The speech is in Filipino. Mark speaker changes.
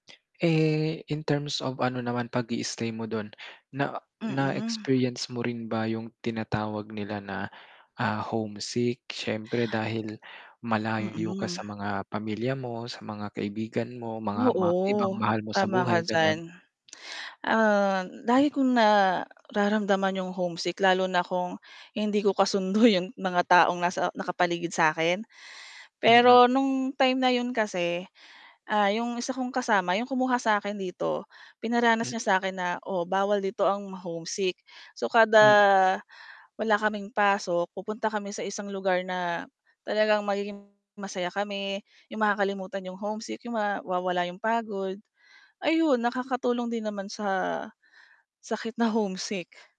Speaker 1: Eh, in terms of ano naman pag-istay mo dun. Na na
Speaker 2: Mm.
Speaker 1: experience mo rin ba yung tinatawag nila na, ah, homesick syempre dahil malayo ka
Speaker 2: Mm.
Speaker 1: sa mga pamilya mo, sa mga kaibigan mo mga ma ibang
Speaker 2: Oo.
Speaker 1: mahal mo sa
Speaker 2: Tama ka
Speaker 1: buhay gano'n.
Speaker 2: diyan. Um, lagi kong nararamdaman 'yong homesick lalo na kung hindi ko kasundo 'yong mga taong nasa nakapaligid sa akin
Speaker 1: Mhm.
Speaker 2: pero nung time na 'yon kasi, ah, 'yong isa kong kasama, 'yong kumuha sa akin dito, pinaranas
Speaker 1: Hmm
Speaker 2: niya sa akin na oo bawal dito ang ma-homesick, so kada,
Speaker 1: Hmm.
Speaker 2: wala kaming pasok pupunta kami sa isang lugar na talagang magiging masaya kami 'yong makakalimutan 'yong homesick mawawala 'yong pagod ayun nakakatulong din naman sa sakit na homesick.